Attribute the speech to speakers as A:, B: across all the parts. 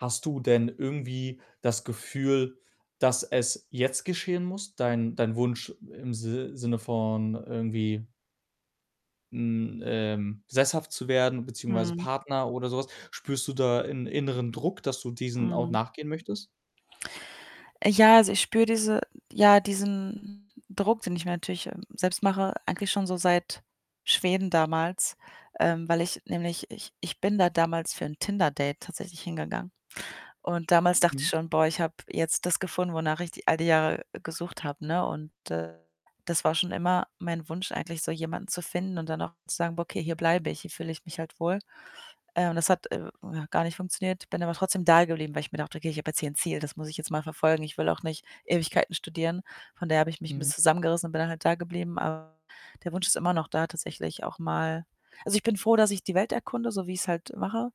A: Hast du denn irgendwie das Gefühl, dass es jetzt geschehen muss? Dein dein Wunsch im Si Sinne von irgendwie hm, ähm, sesshaft zu werden, beziehungsweise
B: Mhm.
A: Partner, oder sowas. Spürst du da 'n inneren Druck, dass du diesem auch
B: Mhm.
A: nachgehen möchtest?
B: Ja, also, ich spüre diese ja, diesen Druck, den ich mir natürlich, ähm, selbst mache, eigentlich schon so seit Schweden damals, ähm, weil ich nämlich ich ich bin da damals für 'n Tinder-Date tatsächlich hingegangen. Und damals dachte
A: Hm.
B: ich schon: „Boah, ich habe jetzt das gefunden, wonach ich die all die Jahre gesucht habe“, ne? Und, äh, das war schon immer mein Wunsch eigentlich, so jemanden zu finden und dann auch zu sagen: „Okay, hier bleibe ich, hier fühle ich mich halt wohl.“ Äh, und das hat, äh, ja gar nicht funktioniert. Bin aber trotzdem da geblieben, weil ich mir dachte: „Okay, ich habe jetzt hier 'n Ziel, das muss ich jetzt mal verfolgen. Ich will auch nicht Ewigkeiten studieren.“ Von daher habe ich mich 'n
A: Hm.
B: bisschen zusammengerissen und bin halt da geblieben. Aber der Wunsch ist immer noch da, tatsächlich auch mal also, ich bin froh, dass ich die Welt erkunde, so wie ich's halt mache.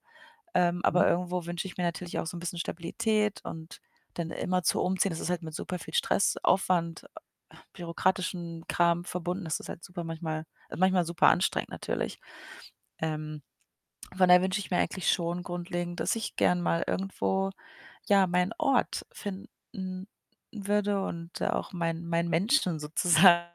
B: Ähm, aber
A: Mhm.
B: irgendwo wünsche ich mir natürlich auch so 'n bisschen Stabilität und dann immerzu umziehen, das ist halt mit super viel Stress, Aufwand, äh, bürokratischen Kram verbunden. Das ist halt super manchmal äh, manchmal super anstrengend natürlich. Ähm, von daher wünsche ich mir eigentlich schon grundlegend, dass ich gerne mal irgendwo, ja, meinen Ort finden würde und auch meinen meinen Menschen sozusagen,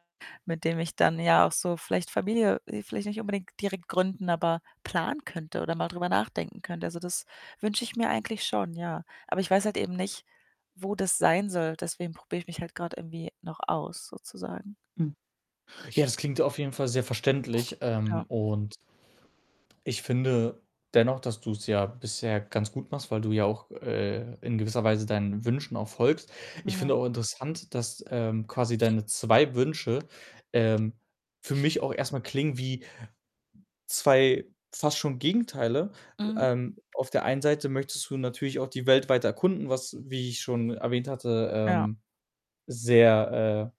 B: mit dem ich dann ja auch so vielleicht Familie äh, vielleicht nicht unbedingt direkt gründen, aber planen könnte, oder mal drüber nachdenken könnte. Also, das wünsche ich mir eigentlich schon, ja. Aber ich weiß halt eben nicht, wo das sein soll. Deswegen probiere ich mich halt gerade irgendwie noch aus, sozusagen.
A: Hm. Ja, das klingt auf jeden Fall sehr verständlich. Ähm,
B: Ja.
A: und ich finde dennoch, dass du's ja bisher ganz gut machst, weil du ja auch, äh, in gewisser Weise deinen Wünschen auch folgst.
B: Hm.
A: Ich
B: Ja.
A: finde auch interessant, dass, ähm, quasi deine 2 Wünsche, ähm, für mich auch erst mal klingen wie 2 fast schon Gegenteile.
B: Mhm.
A: Ähm, auf der einen Seite möchtest du natürlich auch die Welt weiter erkunden, was, wie ich schon erwähnt hatte,
B: Ja.
A: ähm, sehr,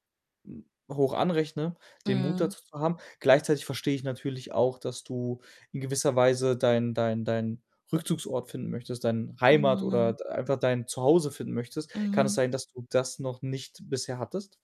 A: äh, hm, hoch anrechne, den Mut
B: Mhm.
A: dazu zu haben. Gleichzeitig verstehe ich natürlich auch, dass du in gewisser Weise deinen deinen deinen Rückzugsort finden möchtest, dein Heimat oder
B: Mhm.
A: d einfach dein Zuhause finden möchtest. Kann es
B: Mhm.
A: sein, dass du das noch nicht bisher hattest?